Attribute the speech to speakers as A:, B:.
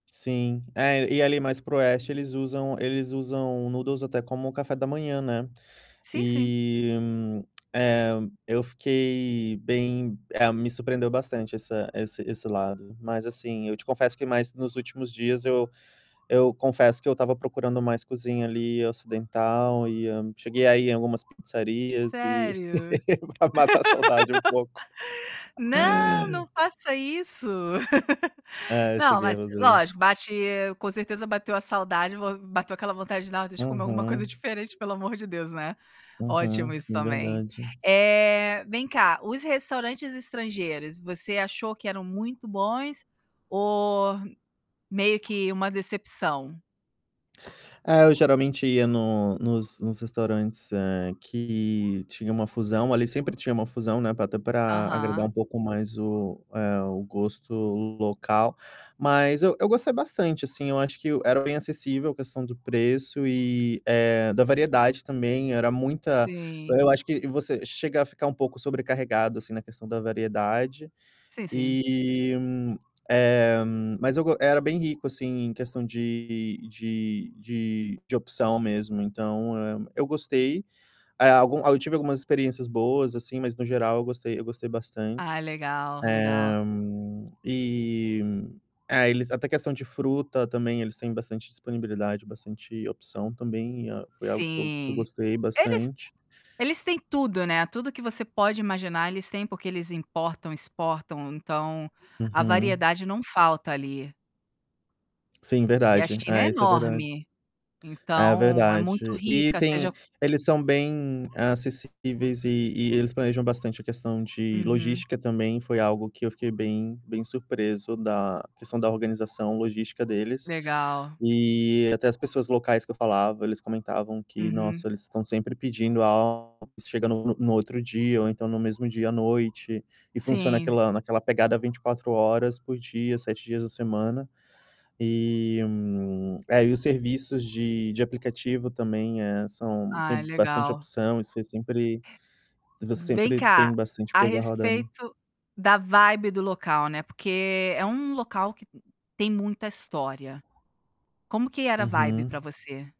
A: Sim, é e ali mais para o oeste eles usam eles usam noodles até como café da manhã, né.
B: Sim, sim.
A: E, hum, eh, eu fiquei bem, eh, me surpreendeu bastante essa esse esse lado, mas assim, eu te confesso que mais nos últimos dias eu eu confesso que eu estava procurando mais cozinha ali ocidental, e hã, cheguei a ir em algumas pizzarias e,
B: Sério?
A: pra matar a saudade um pouco.
B: Não, não faça isso.
A: É,
B: Não
A: cheguei a
B: mas
A: fazer isso.
B: lógico bate com certeza bateu a saudade, vou bateu aquela vontade de alguma
A: Aham.
B: coisa diferente pelo amor de Deus, né.
A: Aham,
B: Ótimo isso
A: sim
B: também.
A: verdade.
B: Eh, vem cá, os restaurantes estrangeiros você achou que eram muito bons ou meio que uma decepção?
A: É, eu geralmente ia no nos nos restaurantes que tinha uma fusão, ali sempre tinha uma fusão, né, para até para agradar um
B: Aham.
A: pouco mais o eh, o gosto local, mas eu eu gostei bastante assim, acho que era bem acessível a questão do preço e, eh, da variedade também, era muita
B: Sim.
A: eu acho que você chega a ficar um pouco sobrecarregado assim na questão da variedade.
B: Sim sim.
A: E, eh, mas eu go era bem rico, assim, em questão de de de opção mesmo então, eh, eu gostei, aí algum, aí eu tive algumas experiências boas, assim, mas no geral eu gostei eu gostei
B: Ah
A: bastante.
B: legal, legal.
A: Eh, E, eh, eles até questão de fruta também eles têm bastante disponibilidade, bastante opção também, foi algo que eu que eu
B: Sim,
A: gostei
B: eles
A: bastante.
B: eles têm tudo, né, tudo que você pode imaginar eles têm porque eles importam, exportam. Então, a
A: Uhum.
B: variedade não falta ali.
A: Sim,
B: E a
A: verdade.
B: China é
A: Eh, isso é verdade.
B: enorme,
A: É
B: então é muito
A: verdade. E
B: rica
A: tem,
B: seja
A: eles são bem acessíveis e e eles planejam bastante a questão de
B: Uhum.
A: logística também, foi algo que eu fiquei bem bem surpreso da questão da organização logística deles.
B: Legal.
A: E até as pessoas locais que eu falava, eles comentavam que
B: Uhum.
A: nossa, eles estão sempre pedindo, chega [unintelligible] no no outro dia ou então no mesmo dia à noite, e funciona
B: Sim.
A: aquela naquela pegada 24 horas por dia, 7 dias da semana. E, é e os serviços de de aplicativo também é são tem
B: Ai
A: bastante
B: legal.
A: opção e você sempre você
B: Vem
A: sempre
B: cá,
A: tem bastante
B: a
A: coisa rodando.
B: respeito da vibe do local, né, porque é um local que tem muita história. Como que era a vibe
A: Uhum.
B: pra você?